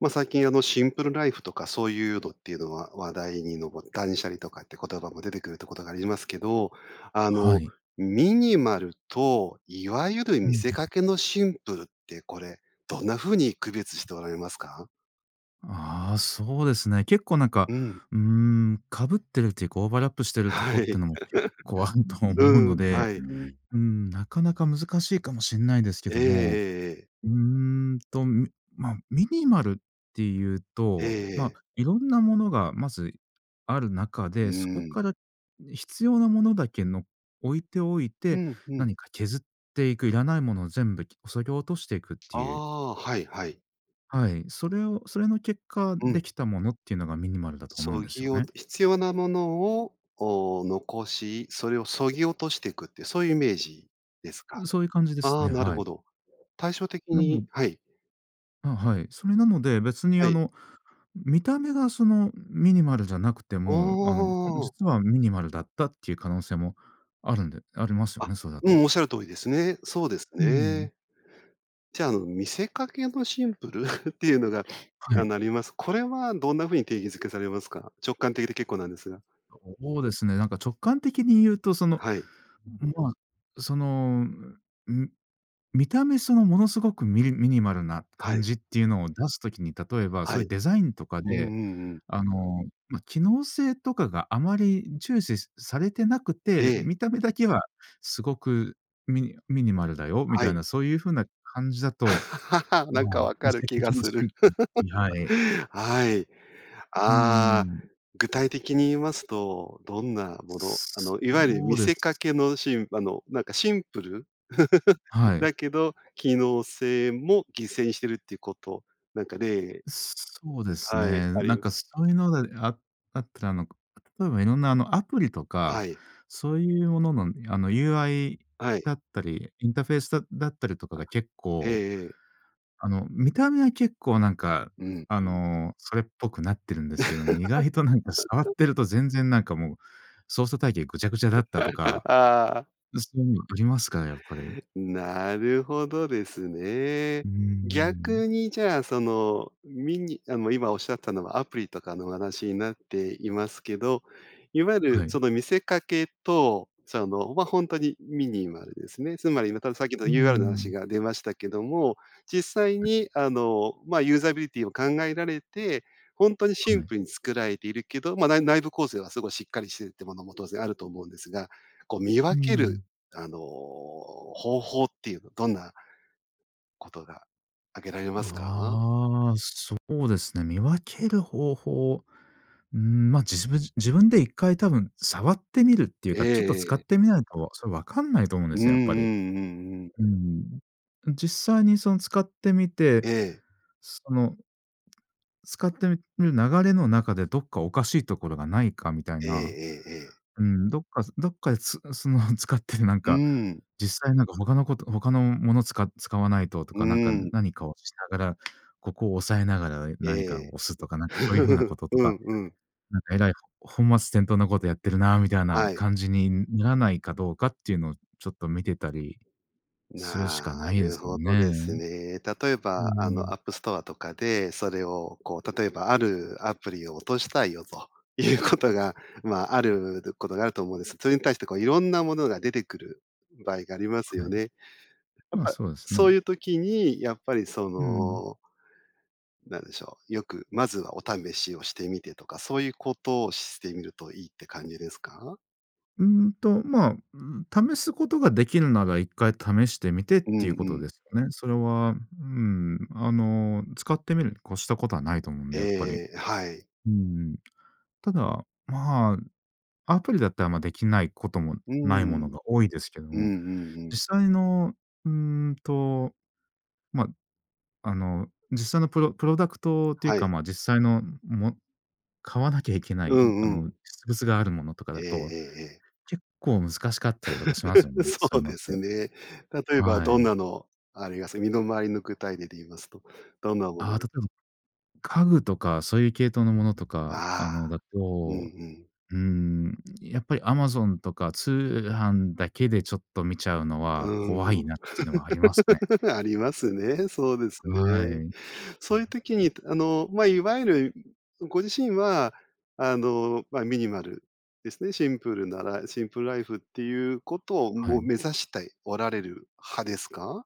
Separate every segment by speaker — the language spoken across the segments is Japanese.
Speaker 1: ま、最近、あの、シンプルライフとかそういうのっていうのは、話題にのぼっ断捨離とかって言葉も出てくるってことがありますけど。あ
Speaker 2: は
Speaker 1: の、
Speaker 2: い。
Speaker 1: ミニマルと、いわゆる
Speaker 2: う
Speaker 1: 見
Speaker 2: ん
Speaker 1: せ
Speaker 2: う
Speaker 1: か
Speaker 2: ん。
Speaker 1: けのシンプルってこれ、どんな風に区別しておられますか？
Speaker 2: ああ、そうですね。結構なんか、
Speaker 1: うん。
Speaker 2: うーん、かぶってるっていうかオーバーラップしてるとこ
Speaker 1: は
Speaker 2: って
Speaker 1: い。
Speaker 2: いうのも、結構あると 思う
Speaker 1: う
Speaker 2: の
Speaker 1: ん、
Speaker 2: で。
Speaker 1: はい。
Speaker 2: うん、なかなか難しいかもしんないですけ
Speaker 1: えええ
Speaker 2: ども。
Speaker 1: えええ。
Speaker 2: うーんと、ミまあミニマルっていう
Speaker 1: ええ
Speaker 2: と、まあ、
Speaker 1: ええ。
Speaker 2: いろんなものがまずある中
Speaker 1: う
Speaker 2: で、そこか
Speaker 1: ん。
Speaker 2: ら必要なものだけ、の置いておい
Speaker 1: う
Speaker 2: て、
Speaker 1: ん、うん。
Speaker 2: 何か削っていく。要らないものを全部、き削ぎ落としていくって
Speaker 1: あ
Speaker 2: いう。
Speaker 1: あ。はいはい。
Speaker 2: はい。それをそれの結果
Speaker 1: う
Speaker 2: で
Speaker 1: ん。
Speaker 2: きたものっていうのが、ミニマルだと思うん
Speaker 1: 削
Speaker 2: ですよ
Speaker 1: ぎ
Speaker 2: ね。
Speaker 1: 落と必要なものを、おお、残し、それを削ぎ落としてくって、そういうイメージですか？
Speaker 2: うん。そういう感じです
Speaker 1: ああ、
Speaker 2: ね。
Speaker 1: なる
Speaker 2: はい。
Speaker 1: ほど。対照的
Speaker 2: う
Speaker 1: に
Speaker 2: ん。
Speaker 1: はい。
Speaker 2: あ、はい。それなので、別に、
Speaker 1: は
Speaker 2: あ
Speaker 1: い。
Speaker 2: の、見た目がそのミニマルじゃなくて
Speaker 1: おおお
Speaker 2: も、あの、あ、
Speaker 1: おおお。
Speaker 2: 実はミニマルだったっていう可能性もあるんでありますよ
Speaker 1: あ、
Speaker 2: ね、それだ
Speaker 1: う
Speaker 2: と。
Speaker 1: ん、仰る通りですね。そうです
Speaker 2: うん。
Speaker 1: ね。じゃあ、あの、見せかけのシンプル っていうのが、
Speaker 2: は
Speaker 1: あ
Speaker 2: い。
Speaker 1: の、あります。これは、どんな風に定義づけされますか？直感的で結構なんですが。
Speaker 2: そうですね。なんか直感的に言うと、その、
Speaker 1: はい。
Speaker 2: まあ、その、ん、見た目その、ものすごくミニミニマルな
Speaker 1: は
Speaker 2: 感
Speaker 1: い。
Speaker 2: じっていうのを出す時に、例えばそ
Speaker 1: は
Speaker 2: ういう
Speaker 1: い。
Speaker 2: デザインとか
Speaker 1: うんう
Speaker 2: で、
Speaker 1: んうん。
Speaker 2: あの、まあ、機能性とかがあまり重視しされてなくて、
Speaker 1: ええ。
Speaker 2: 見た目だけはすごくミニミニマルだよみ
Speaker 1: は
Speaker 2: たい
Speaker 1: い。
Speaker 2: な。そういう風な感じだと、
Speaker 1: な
Speaker 2: ま
Speaker 1: ん
Speaker 2: あ、
Speaker 1: か分
Speaker 2: 見
Speaker 1: かる
Speaker 2: せか
Speaker 1: 気が
Speaker 2: けの
Speaker 1: す
Speaker 2: シ
Speaker 1: る。
Speaker 2: ンプルってはい。
Speaker 1: はい。
Speaker 2: うー
Speaker 1: ああ、
Speaker 2: ん。
Speaker 1: 具体的に言いますと、どんなものあの、いわゆる
Speaker 2: そ
Speaker 1: 見
Speaker 2: うで
Speaker 1: せ
Speaker 2: す。
Speaker 1: かけのシンあの、なんかシンプル
Speaker 2: は い。
Speaker 1: だけど、機能性も犠牲にしてるっていうことなんか例
Speaker 2: そうです
Speaker 1: はい、
Speaker 2: ね。
Speaker 1: あり
Speaker 2: なん
Speaker 1: ます。
Speaker 2: かそういうのでああったら、あの、例えばいろんな、あの、アプリと
Speaker 1: は
Speaker 2: か。
Speaker 1: い。
Speaker 2: そういうものの、あの、UI
Speaker 1: はい。
Speaker 2: だったり、インターフェースだっだったりとかが結
Speaker 1: ええ
Speaker 2: 構、
Speaker 1: ええ。
Speaker 2: あの、見た目は結構なんか、
Speaker 1: うん、
Speaker 2: あ
Speaker 1: うん。
Speaker 2: の、それっぽくなってるんですけども。意外となんか触っ てると、全然なんかもう操作体系ぐちゃぐちゃだったとか、
Speaker 1: ああ。
Speaker 2: そういうのありますから、やっぱり。
Speaker 1: なるほどですね。
Speaker 2: うーん。
Speaker 1: 逆に、じゃあ、そのミニあの、今仰ったのはアプリとかの話になっていますけど。いわゆる
Speaker 2: は
Speaker 1: そ
Speaker 2: い。
Speaker 1: の、見せかけとそう、あの、ま、本当にミニマルですね。つまり [unintelligible] さっき言った、
Speaker 2: うー
Speaker 1: UR の話
Speaker 2: ん。
Speaker 1: が出ましたけども。実際
Speaker 2: はい。
Speaker 1: に、あの、まあユーザビリティを考えられて、本当にシン
Speaker 2: はい。
Speaker 1: プルに作られているけど、まあ、ない内部構成はすごいしっかりしてるっていうものも、当然あると思うんですが。こう、見
Speaker 2: う
Speaker 1: 分ける
Speaker 2: ん。
Speaker 1: あの、方法っていうの、どんなことが挙げられますか？
Speaker 2: ああ、そうですね、見分ける方法。うーん、ま、じぶじ自分で1回多分触ってみるっていう
Speaker 1: え
Speaker 2: か、ちょっと使
Speaker 1: ええ
Speaker 2: っ
Speaker 1: え。
Speaker 2: てみないと、それ分かんないと思うんで
Speaker 1: うんう
Speaker 2: すよね、やっぱり。
Speaker 1: んうんうん。
Speaker 2: うーん。実際にその使ってみて、
Speaker 1: ええ。
Speaker 2: その使ってみみる、流れの中で、どっかおかしいところがないかみたい
Speaker 1: ええ
Speaker 2: な。
Speaker 1: ええええ。
Speaker 2: うん、どっかどっかで、つその使ってる、なん
Speaker 1: う
Speaker 2: か
Speaker 1: ん。
Speaker 2: 実際なんか他の事他の物をつか使わないとと
Speaker 1: う
Speaker 2: か。なんか
Speaker 1: ん。
Speaker 2: 何かをしながら、ここを押さえながら何か
Speaker 1: ええ。
Speaker 2: を押すとか、なんかそういう風な 事と
Speaker 1: うん
Speaker 2: か。
Speaker 1: うん。
Speaker 2: なんかえらい、ほ本末転倒な事やってるな、みたいな
Speaker 1: はい。
Speaker 2: 感じにならないかどうかっていうのを、ちょっと見てたりするし
Speaker 1: な
Speaker 2: かないで
Speaker 1: る
Speaker 2: すよ
Speaker 1: ほど
Speaker 2: ね。
Speaker 1: ですね。例え
Speaker 2: うー
Speaker 1: ば、あの、
Speaker 2: ん。
Speaker 1: アップストアとかで、それをこう例えば、あるアプリを落としたいよということが、まあ、あ
Speaker 2: [unintelligible]
Speaker 1: る、とことがあると思うんです。それに対してこう、いろんなものが出てくる場合があります
Speaker 2: は
Speaker 1: よ
Speaker 2: い。
Speaker 1: ね。やっ
Speaker 2: まあ
Speaker 1: ぱ、
Speaker 2: そうです
Speaker 1: そ
Speaker 2: ね。
Speaker 1: ういう時に、やっぱりそ
Speaker 2: うん。
Speaker 1: のなんでしょう。よくまずはお試しをしてみてとか、そういうことをしてみるといいって感じですか？
Speaker 2: うーんと、まあ、ん、試すことができるなら、1回試してみてっ
Speaker 1: うん
Speaker 2: ていうこ
Speaker 1: う
Speaker 2: とで
Speaker 1: ん。
Speaker 2: すよね。それは、うん、あの、使ってみるに越したことはないと思うん
Speaker 1: え
Speaker 2: で、やっぱり。
Speaker 1: えええ、はい。
Speaker 2: うん。ただ、まあ、アプリだったらまあできないことも
Speaker 1: う
Speaker 2: ないもの
Speaker 1: ん。
Speaker 2: が多いですけど
Speaker 1: うんう
Speaker 2: も、
Speaker 1: んうん。
Speaker 2: 実際のうーんと、ま、あの、実際の、プロプロダクトっていう
Speaker 1: は
Speaker 2: か、
Speaker 1: い。
Speaker 2: ま、実際の、も買わなきゃいけな
Speaker 1: う
Speaker 2: い、あ
Speaker 1: んう
Speaker 2: の、
Speaker 1: ん。
Speaker 2: 実物があるものとかだ
Speaker 1: ええ
Speaker 2: と
Speaker 1: ええええ。
Speaker 2: 結構難しかったりとかしますよ ね、そう
Speaker 1: そ
Speaker 2: い
Speaker 1: う
Speaker 2: うのっ
Speaker 1: です
Speaker 2: て。
Speaker 1: ね。例えば、
Speaker 2: は
Speaker 1: どん
Speaker 2: い。
Speaker 1: なのあります？身の回りの具体例で言いますと、どんなもの
Speaker 2: ああ、例
Speaker 1: が
Speaker 2: えば、家具とかそういう系統のものとか、あ
Speaker 1: あ
Speaker 2: の、だ
Speaker 1: あ、うんう
Speaker 2: と、
Speaker 1: ん。
Speaker 2: うーん、やっぱり、Amazon とか通販だけでちょっと見ちゃうの
Speaker 1: うー
Speaker 2: は怖
Speaker 1: ん、
Speaker 2: いなっていうのはありますね。
Speaker 1: うん。ありますね、そうです
Speaker 2: は
Speaker 1: ね。
Speaker 2: い。
Speaker 1: そういう時に、とあの、ま、いわゆるご自身はあの、まあ、ミニマルですね、シンプルな、らシンプルライフっていうことを、
Speaker 2: は
Speaker 1: もう
Speaker 2: い。
Speaker 1: 目指したいおられる派ですか？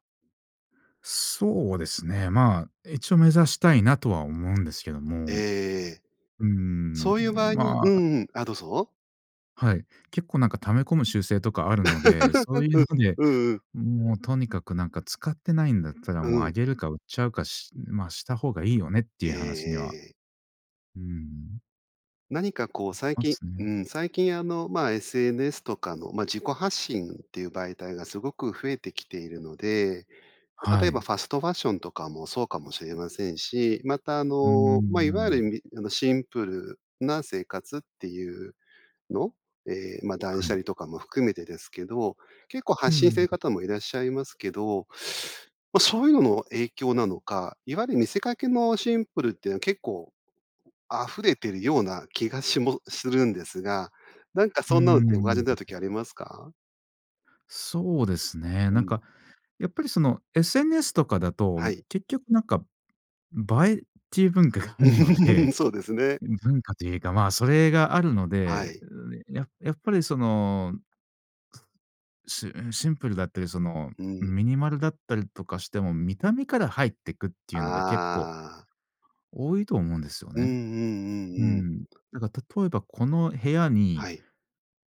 Speaker 2: そうですね。まあ、一応、目指したいなとは思うんですけど
Speaker 1: ええ
Speaker 2: も、
Speaker 1: ええ。
Speaker 2: うー
Speaker 1: そ
Speaker 2: ん、
Speaker 1: ういう場合に
Speaker 2: ま
Speaker 1: う
Speaker 2: あ
Speaker 1: ん、うん、あ、どうぞ。
Speaker 2: はい。結構なんか溜め込む習性とかあるので、そういうの で、
Speaker 1: うんうん。
Speaker 2: もうとにかくなんか使ってないんだったら、
Speaker 1: う
Speaker 2: もうあ
Speaker 1: ん。
Speaker 2: げるか売っちゃうかしま、した方がいいよねって
Speaker 1: え
Speaker 2: い
Speaker 1: え
Speaker 2: う話には
Speaker 1: ええ。
Speaker 2: うん。
Speaker 1: 何かこう、
Speaker 2: なり
Speaker 1: 最
Speaker 2: ま
Speaker 1: 近
Speaker 2: す
Speaker 1: う
Speaker 2: ね。
Speaker 1: ん、最近あの、ま、SNS とかの、ま、自己発信っていう媒体がすごく増えてきているので、ま、例
Speaker 2: は
Speaker 1: えば
Speaker 2: い。
Speaker 1: ファストファッションとかもそうかもしれませんし、またあ
Speaker 2: うー
Speaker 1: の、ま、いわゆるい
Speaker 2: ん。
Speaker 1: みあのシンプルな生活っていうの？ええ、ま、断
Speaker 2: は
Speaker 1: 捨
Speaker 2: い。
Speaker 1: 離とかも含めてですけど、結構
Speaker 2: う
Speaker 1: 発信してい
Speaker 2: ん。
Speaker 1: る方もいらっしゃいますけど、ま、そういうのの影響なのか、いわゆる見せかけのシンプルっていうのは結構、溢れてるような気がしもするんですが、なんか
Speaker 2: うー
Speaker 1: そんなのってお感じになる
Speaker 2: ん。
Speaker 1: 時ありますか？
Speaker 2: そうですね。
Speaker 1: う
Speaker 2: なんか
Speaker 1: ん。
Speaker 2: やっぱりその、SNS とかだと、
Speaker 1: はい。
Speaker 2: 結局なんか映えっちゅう文化があるの
Speaker 1: う
Speaker 2: で、
Speaker 1: ん、そうですね。
Speaker 2: 文化というか、ま、それがあるの
Speaker 1: は
Speaker 2: で、
Speaker 1: い。
Speaker 2: ややっぱりその、しうん、シンプルだったり、その
Speaker 1: うん。
Speaker 2: ミニマルだったりとかしても、見た目から入ってくっていうのが結構
Speaker 1: ああ。
Speaker 2: 多いと思うんですよ
Speaker 1: うんう
Speaker 2: ね。
Speaker 1: んう
Speaker 2: う
Speaker 1: んうん。
Speaker 2: ん。なんか例えばこの部屋に
Speaker 1: はい。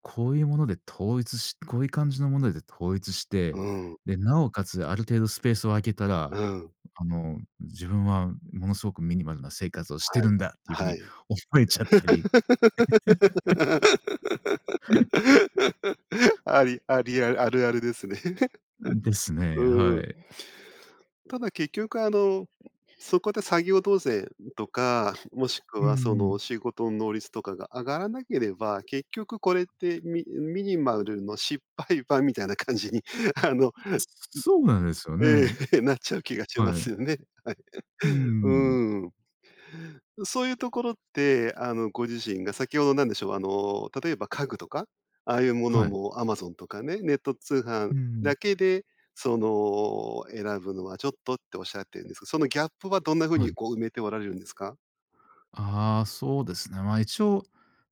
Speaker 2: こういうもので統一しこういう感じのもので統一し
Speaker 1: う
Speaker 2: て、
Speaker 1: ん。
Speaker 2: で、なおかつある程度スペースを空けたら、
Speaker 1: うん。
Speaker 2: あの自分はものすごくミニマルな生活をして
Speaker 1: は
Speaker 2: るん
Speaker 1: い
Speaker 2: だっていう風
Speaker 1: は
Speaker 2: に
Speaker 1: い。
Speaker 2: 思えちゃったり。
Speaker 1: ありありあるあるあるですね。
Speaker 2: うん、です ね。
Speaker 1: う
Speaker 2: は
Speaker 1: ん。
Speaker 2: い。
Speaker 1: ただ結局あの、そこで作業動せいとか、もしく
Speaker 2: う
Speaker 1: はその
Speaker 2: ん。
Speaker 1: 仕事の能率とかが上がらなければ、結局これってミミニマルの失敗版みたいな感じに、あの、うん。
Speaker 2: すそうなんですよ
Speaker 1: え
Speaker 2: ね。
Speaker 1: え、なっちゃう気がしま
Speaker 2: は
Speaker 1: す
Speaker 2: い。
Speaker 1: よね。
Speaker 2: うー
Speaker 1: はい。
Speaker 2: ん。
Speaker 1: うーん。そういうところって、あの、ご自身が先ほどなんでしょう、あの、例えば家具とか、ああいうもの
Speaker 2: はい。
Speaker 1: も Amazon とかね、ネット通
Speaker 2: う
Speaker 1: 販だ
Speaker 2: ん。
Speaker 1: けで、その、選ぶのはちょっとっておっしゃってるんですけど、そのギャップはどんな風
Speaker 2: は
Speaker 1: に
Speaker 2: い。
Speaker 1: こう埋めておられるんですか？
Speaker 2: ああ、そうですね。ま、一応、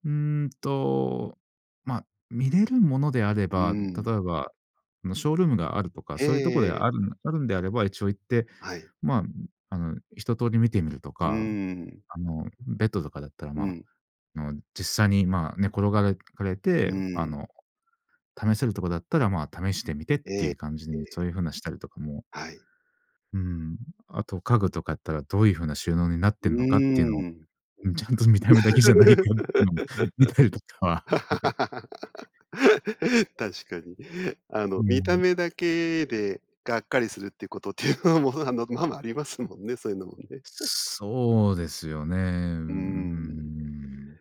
Speaker 2: うーんと、ま、見れるものであれ
Speaker 1: う
Speaker 2: ば、
Speaker 1: ん。
Speaker 2: 例えば、あのショールームがあるとか、そういうとこで
Speaker 1: ええ。
Speaker 2: あるあるんであれば、一応行って
Speaker 1: はい。
Speaker 2: まあ、あの一通り見てみると
Speaker 1: う
Speaker 2: か、
Speaker 1: ん。
Speaker 2: あのベッドとかだったら、
Speaker 1: う
Speaker 2: ま、
Speaker 1: ん。
Speaker 2: あの実際にまあ寝転がれかれ
Speaker 1: う
Speaker 2: て、あ
Speaker 1: ん。
Speaker 2: の試せるとこだったら、ま、試してみてって
Speaker 1: え
Speaker 2: い
Speaker 1: え、
Speaker 2: う感じ
Speaker 1: え
Speaker 2: に
Speaker 1: え。
Speaker 2: そういう風なしたりとかも
Speaker 1: はい。
Speaker 2: うーん。あと家具とかやったらどういう風な収納になっ
Speaker 1: う
Speaker 2: てるのかっていうのを、
Speaker 1: ん。
Speaker 2: うん、ちゃんと見た目だけじゃないかってのも見たりとかは、はい。
Speaker 1: 確かに。あの、
Speaker 2: う
Speaker 1: 見た
Speaker 2: ん。
Speaker 1: 目だけでがっかりするっていうことっていうのもあの、ままありますもんね、そういうのもね。うん。
Speaker 2: そうですよね。うー
Speaker 1: うん。
Speaker 2: ん。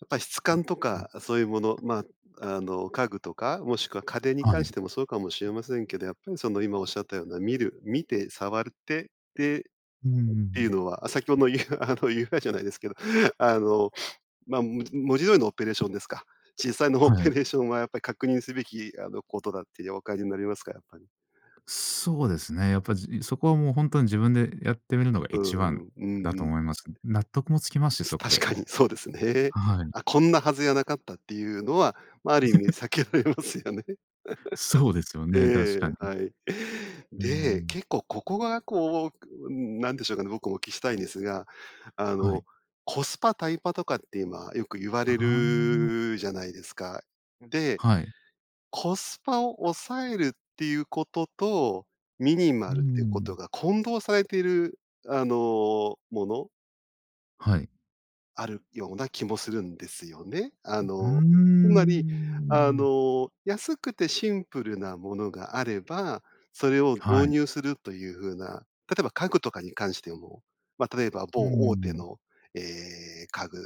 Speaker 1: やっぱり質感とかそういうもの、ま、あの、家具とかもしくは家電に
Speaker 2: は
Speaker 1: 関
Speaker 2: い。
Speaker 1: してもそうかもしれませんけど、やっぱりその今おっしゃったような見る、見て触るって、でっ
Speaker 2: うんうんう
Speaker 1: ていう
Speaker 2: ん。
Speaker 1: のは先ほのゆあの UI じゃないですけど、あの、ま、も文字通りのオペレーションですか。実際のオ
Speaker 2: は
Speaker 1: ペ
Speaker 2: い。
Speaker 1: レーションはやっぱり確認すべきあのことだってお感じになりますか？やっぱり。
Speaker 2: そうですね。やっぱじそこはもう本当に自分でやってみるのが
Speaker 1: うー
Speaker 2: 一番
Speaker 1: ん、う
Speaker 2: だ
Speaker 1: んう
Speaker 2: と
Speaker 1: ん。
Speaker 2: 思います。納得もつきますし、
Speaker 1: す
Speaker 2: そこ
Speaker 1: 確
Speaker 2: で。
Speaker 1: かにそうですね。
Speaker 2: はい。
Speaker 1: あ、こんなはずじゃなかったっていうのは、ま、ある意味 避けられますよね。
Speaker 2: そうですよね、確
Speaker 1: え
Speaker 2: か
Speaker 1: え、
Speaker 2: に。
Speaker 1: はい。
Speaker 2: うー
Speaker 1: で、
Speaker 2: ん。
Speaker 1: 結構ここがこう、うん、なんでしょうかね。僕もお聞きしたいんですが、あ
Speaker 2: は
Speaker 1: の、
Speaker 2: い。
Speaker 1: コスパタイパとかって今よく言わ
Speaker 2: あ
Speaker 1: れ
Speaker 2: あ。
Speaker 1: るじゃないですか。で、
Speaker 2: はい。
Speaker 1: コスパを抑えるっていうことと、ミニ
Speaker 2: う
Speaker 1: マルっていうこと
Speaker 2: ん。
Speaker 1: が混同されているあの、もの？
Speaker 2: はい。
Speaker 1: あるような気もするんですよね。あ
Speaker 2: ううー
Speaker 1: の、つまり、あ
Speaker 2: ん。
Speaker 1: の、安くてシンプルなものがあれば、それを
Speaker 2: は
Speaker 1: 導
Speaker 2: い。
Speaker 1: 入するという風な、例えば家具とかに関しても、ま、例えば
Speaker 2: う
Speaker 1: 某大手
Speaker 2: ん。
Speaker 1: の、え、家具、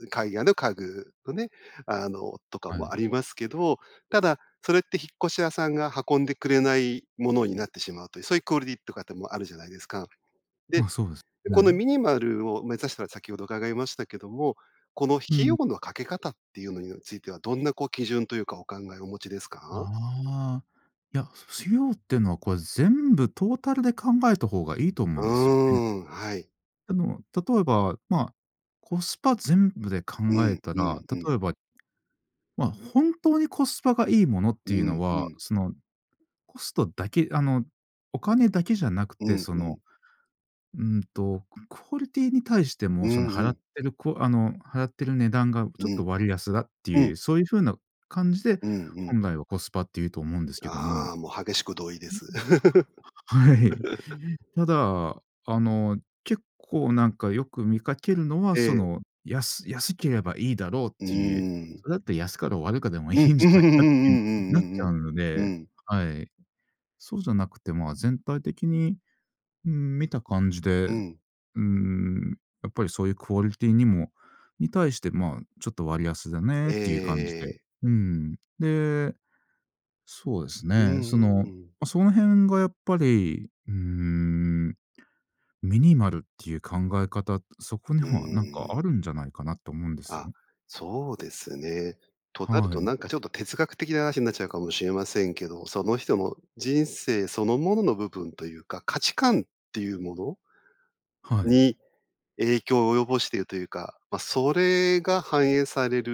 Speaker 1: う、海外の家具のね、あの、とか
Speaker 2: は
Speaker 1: もあ
Speaker 2: い。
Speaker 1: りますけど、ただそれって引っ越し屋さんが運んでくれないものになってしまうという、そういうクオリティとかてもあるじゃないですか、で、
Speaker 2: ま、そうです
Speaker 1: この
Speaker 2: ね。
Speaker 1: ミニマルを目指したら先ほど伺いましたけども、この
Speaker 2: う
Speaker 1: 費用
Speaker 2: ん。
Speaker 1: のかけ方ていうのにはついてはどんなこう基準というかお考えをお持ちですか？
Speaker 2: あ、いや、費用っていうのはこれ全部トータルで考えた方がいいと思
Speaker 1: う
Speaker 2: う
Speaker 1: ー
Speaker 2: んですよね。
Speaker 1: ん、はい。
Speaker 2: あの例えば、ま、コスパ全部で考
Speaker 1: うん
Speaker 2: えた
Speaker 1: う
Speaker 2: ら、
Speaker 1: んうん。
Speaker 2: 例えばま、本当にコスパがいいものっ
Speaker 1: う
Speaker 2: ていう
Speaker 1: ん
Speaker 2: の
Speaker 1: う
Speaker 2: は、
Speaker 1: ん。
Speaker 2: そのコストだけあのお金だけじゃなく
Speaker 1: う
Speaker 2: て、
Speaker 1: ん
Speaker 2: そ
Speaker 1: う
Speaker 2: の、
Speaker 1: ん。
Speaker 2: うーんとクオリティに対しても
Speaker 1: う
Speaker 2: その
Speaker 1: ん
Speaker 2: 払
Speaker 1: う
Speaker 2: っ
Speaker 1: ん。
Speaker 2: てるこあの払ってる値段がちょっ
Speaker 1: うん。
Speaker 2: と割安だって
Speaker 1: う
Speaker 2: い
Speaker 1: ん。
Speaker 2: う、そういう風な感じで、
Speaker 1: うんうん。
Speaker 2: 本来はコスパって言うと思うんですけども。
Speaker 1: ああ、もう激しく同意です。
Speaker 2: はい。ただあの結構なんかよく見かけるのは、
Speaker 1: え
Speaker 2: そ
Speaker 1: え。
Speaker 2: の、やす安ければいいだろうっ
Speaker 1: う
Speaker 2: ていう、
Speaker 1: ん。
Speaker 2: それだって安かろう悪かでもい
Speaker 1: うん、
Speaker 2: い んじ
Speaker 1: うんう
Speaker 2: ゃ
Speaker 1: ん
Speaker 2: ないかってなっち
Speaker 1: う
Speaker 2: ゃ
Speaker 1: ん
Speaker 2: うの
Speaker 1: うん、う
Speaker 2: で、
Speaker 1: ん。
Speaker 2: はい、そうじゃなくて、まあ、全体的にうん、見た感じで、
Speaker 1: う
Speaker 2: う
Speaker 1: ん。
Speaker 2: ーん、やっぱりそういうクオリティにもに対して、ま、ちょっと割安だね
Speaker 1: え
Speaker 2: っていう感じで、
Speaker 1: え。
Speaker 2: うん、で、そうです
Speaker 1: う
Speaker 2: ね、そ
Speaker 1: ん
Speaker 2: の、
Speaker 1: うん。
Speaker 2: その辺がやっぱり、うーん、ミニマルっていう考え方、そこに
Speaker 1: う
Speaker 2: はなんか
Speaker 1: ん。
Speaker 2: あるんじゃないかなと思うんです
Speaker 1: あ、
Speaker 2: よ。
Speaker 1: そうですね、となる
Speaker 2: は
Speaker 1: と
Speaker 2: い。
Speaker 1: なんかちょっと哲学的な話になっちゃうかもしれませんけど、その人の人生そのものの部分というか、価値観ていうもの
Speaker 2: はい。
Speaker 1: に、影響を及ぼしているというか、ま、それが反映される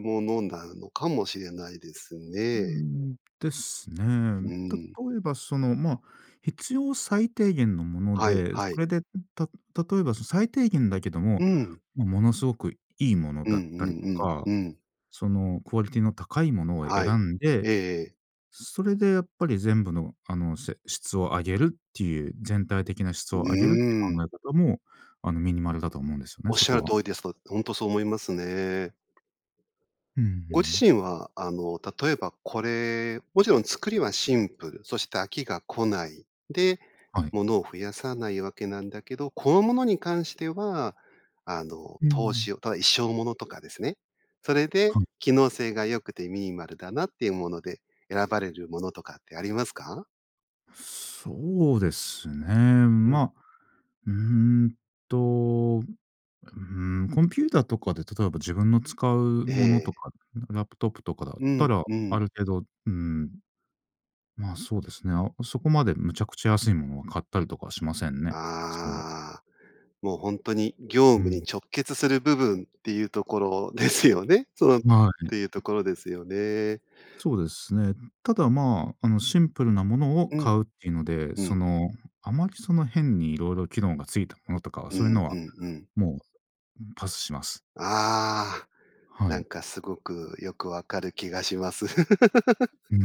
Speaker 1: ものなのかもしれないです
Speaker 2: うー
Speaker 1: ね。
Speaker 2: ん、です
Speaker 1: う
Speaker 2: ね、
Speaker 1: ん。
Speaker 2: 例えばその、ま、必要最低限のもの
Speaker 1: はい
Speaker 2: で、
Speaker 1: は
Speaker 2: そ
Speaker 1: い。
Speaker 2: れで、ん、た例えばその最低限だけど
Speaker 1: う
Speaker 2: も、
Speaker 1: ん。
Speaker 2: ま、ものすごく良いもの
Speaker 1: うんう
Speaker 2: だったりと
Speaker 1: ん
Speaker 2: か、
Speaker 1: うんうん。
Speaker 2: そのクオリティの高いものを選
Speaker 1: はい。
Speaker 2: んで、
Speaker 1: ええええ。
Speaker 2: それでやっぱり全部のあの、せ質を上げるっていう、全体的な質を上げるって
Speaker 1: う
Speaker 2: 考
Speaker 1: ん。
Speaker 2: え方もあのミニマルだと思うんですよね、
Speaker 1: おっ
Speaker 2: そ
Speaker 1: しゃ
Speaker 2: こ
Speaker 1: る
Speaker 2: は。
Speaker 1: 通りです、本当そう思いますね。
Speaker 2: うんう
Speaker 1: ご自
Speaker 2: ん。
Speaker 1: 身は、あの例えばこれもちろん作りはシンプル、そして飽きが来ない、で、
Speaker 2: はい。
Speaker 1: 物を増やさないわけなんだけど、このものに関してはあの
Speaker 2: う
Speaker 1: 投
Speaker 2: ん。
Speaker 1: 資をただ一生ものとかですね。それで
Speaker 2: はい。
Speaker 1: 機能性が良くてミニマルだなていうもので選ばれるものとかってありますか？
Speaker 2: そうですね。
Speaker 1: うん。
Speaker 2: ま、うーんと、うん、コンピューターとかで例えば自分の使うもの
Speaker 1: え
Speaker 2: と
Speaker 1: え。
Speaker 2: か、ラップトップとかだっ
Speaker 1: う
Speaker 2: た
Speaker 1: ん、
Speaker 2: ら、
Speaker 1: う
Speaker 2: あ
Speaker 1: ん。
Speaker 2: る程度、うーん、まあ、そうですね、あ、おそこまでむちゃくちゃ安いものを買ったりとかしませんね、それは。
Speaker 1: ああ、もうほんとに業
Speaker 2: う
Speaker 1: 務に
Speaker 2: ん。
Speaker 1: 直結する部分っていうところですよね、そのっ
Speaker 2: はい。
Speaker 1: ていうところですよね。
Speaker 2: そうですね。ただまあ、あの、シンプルなものを
Speaker 1: うん。
Speaker 2: 買うっていうので、
Speaker 1: う
Speaker 2: そ
Speaker 1: ん。
Speaker 2: の、あまりその、変にいろいろ機能がついたものとかは、
Speaker 1: う
Speaker 2: そういう
Speaker 1: ん
Speaker 2: の
Speaker 1: う
Speaker 2: は
Speaker 1: んうん。
Speaker 2: もうパスします。
Speaker 1: ああ、
Speaker 2: は
Speaker 1: なん
Speaker 2: い。
Speaker 1: かすごくよく分かる気がします。
Speaker 2: う ー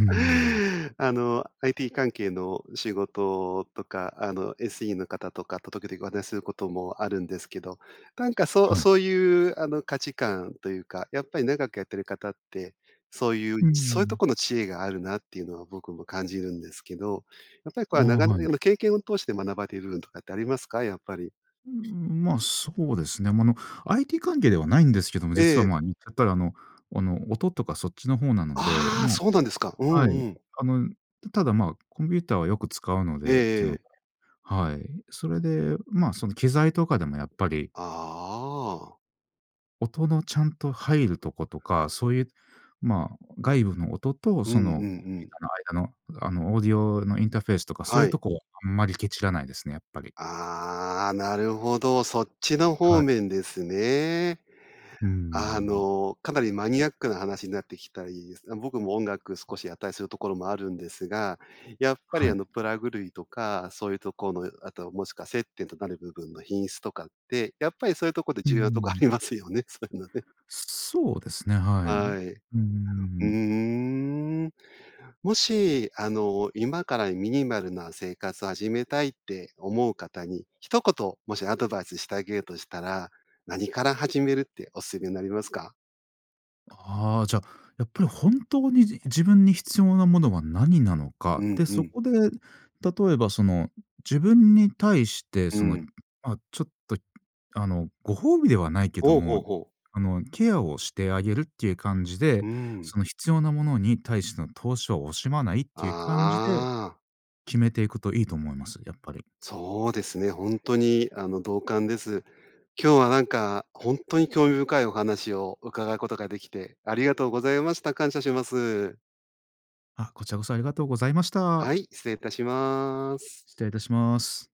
Speaker 2: ん。
Speaker 1: あの、IT 関係の仕事とか、あの、SE の方とかと時々お話することもあるんですけど、なんかそう
Speaker 2: はい。
Speaker 1: そういう、あの、価値観というか、やっぱり長くやってる方って、そういう
Speaker 2: うー
Speaker 1: そういうと
Speaker 2: ん。
Speaker 1: この知恵があるなっていうのは僕も感じるんですけど、やっぱりこれ
Speaker 2: ああ、
Speaker 1: は長
Speaker 2: はい。
Speaker 1: 年の経験を通して学ばれる部分とかってありますか、やっぱり？
Speaker 2: うーん、ま、そうですね。ま、あの、IT 関係ではないんですけども、実
Speaker 1: え
Speaker 2: は、
Speaker 1: え。
Speaker 2: ま、言っちゃったらあのあの、音とかそっちの方なので、
Speaker 1: ああ、
Speaker 2: もう
Speaker 1: そうなんですか。うん
Speaker 2: は
Speaker 1: う
Speaker 2: い。
Speaker 1: ん。
Speaker 2: あの、ただ、まあ、コンピューターはよく使うの
Speaker 1: え
Speaker 2: でってい
Speaker 1: え
Speaker 2: う
Speaker 1: え
Speaker 2: の
Speaker 1: え。
Speaker 2: で、はい。それで、ま、その、機材とかでもやっぱり
Speaker 1: あああ。
Speaker 2: 音のちゃんと入るとことか、そういう、まあ、外部の音と
Speaker 1: うんうん
Speaker 2: そのコン
Speaker 1: う
Speaker 2: ピュー
Speaker 1: ん。
Speaker 2: ターの間の、あの、オーディオのインターフェースとかそう
Speaker 1: は
Speaker 2: いう
Speaker 1: い。
Speaker 2: とこ、あんまりケチらないですね、やっぱり。
Speaker 1: ああ、なるほど、そっちの
Speaker 2: は
Speaker 1: 方
Speaker 2: い。
Speaker 1: 面ですね。
Speaker 2: うー
Speaker 1: あ
Speaker 2: ん。
Speaker 1: の、かなりマニアックな話になってきたいすまあ、僕も音楽少しやったりするところもあるんですが、やっぱ
Speaker 2: は
Speaker 1: りあ
Speaker 2: い。
Speaker 1: の、プラグ類とか、そういうとこの、あともしくは接点となる部分の品質とかって、やっぱりそういうとこで
Speaker 2: うんう
Speaker 1: 重
Speaker 2: んう
Speaker 1: 要なとこあ
Speaker 2: ん。
Speaker 1: りますよね、そういうのね。
Speaker 2: そうですね、はい。う
Speaker 1: は
Speaker 2: ん
Speaker 1: い、う
Speaker 2: うんうん
Speaker 1: ー
Speaker 2: うん。
Speaker 1: ん。もし、あの、今からミニマルな生活を始めたいって思う方に、一言もしアドバイスしてあげるとしたら、何から始めるってお勧めになりますか？
Speaker 2: ああ、じゃ、やっぱり本当にじ自分に必要なものはなになのか、
Speaker 1: うん、
Speaker 2: で、
Speaker 1: う
Speaker 2: そ
Speaker 1: ん。
Speaker 2: こで例えばその、自分に対して
Speaker 1: う
Speaker 2: その、
Speaker 1: ん。
Speaker 2: ま、ちょっとあの、ご褒美ではないけど
Speaker 1: ほうほう
Speaker 2: も、
Speaker 1: ほう。
Speaker 2: あの、ケアをしてあげるっていう感じ
Speaker 1: う
Speaker 2: で、
Speaker 1: ーん。
Speaker 2: その必要なものに対しての投資は惜しまないっていう感じで、
Speaker 1: ああ。
Speaker 2: 決めていくといいと思います、やっぱり。
Speaker 1: そうですね、ほんとにあの、同感です。今日はなんかほんとに興味深いお話を伺うことができて、ありがとうございました。感謝します。
Speaker 2: あ、こちらこそありがとうございまし
Speaker 1: は
Speaker 2: た。
Speaker 1: い、失礼いたします。
Speaker 2: 失礼いたします。